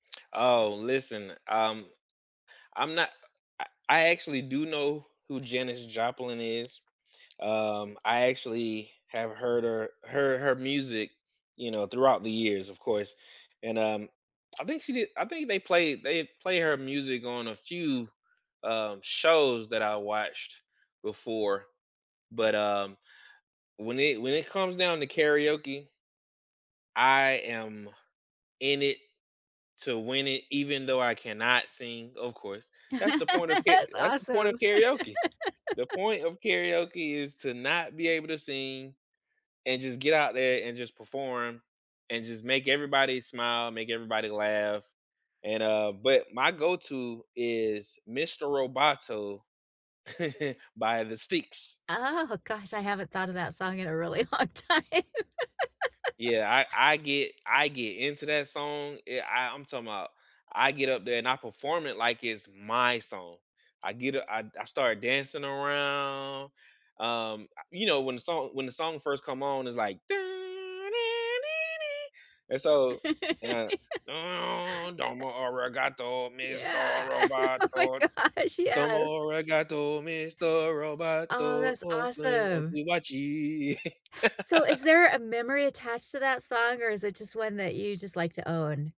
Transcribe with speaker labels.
Speaker 1: Oh, listen, um, I'm not I I actually do know who Janice Joplin is. Um, I actually have heard her heard her music, you know, throughout the years, of course, and, um I think she did I think they played they'd play her music on a few, um, shows that I watched before. But, um, when it when it comes down to karaoke I am in it to win it even though I cannot sing, of course. That's the point of ka
Speaker 2: That's
Speaker 1: that's the point of
Speaker 2: awesome.
Speaker 1: karaoke. The point of karaoke is to not be able to sing and just get out there and just perform and just make everybody smile, make everybody laugh. And, uh, but my go-to is “Mister Roboto” by the Styx.
Speaker 2: Oh gosh, I haven't thought of that song in a really long time.
Speaker 1: Yeah, I I get I get into that song, I I I'm talking 'bout I get up there, and I perform it like it's my song. I get u I I started dancing around, um, I you know, when the song when the song first come on, it's like, and so and,
Speaker 2: Uh
Speaker 1: domo arigato, Mr.
Speaker 2: Yeah. Oh my
Speaker 1: Roboto,
Speaker 2: gosh,
Speaker 1: domo
Speaker 2: yes.
Speaker 1: arigato, Mr.
Speaker 2: Oh,
Speaker 1: Roboto.
Speaker 2: that's awesome. So, is there a memory attached to that song, or is it just one that you just like to own?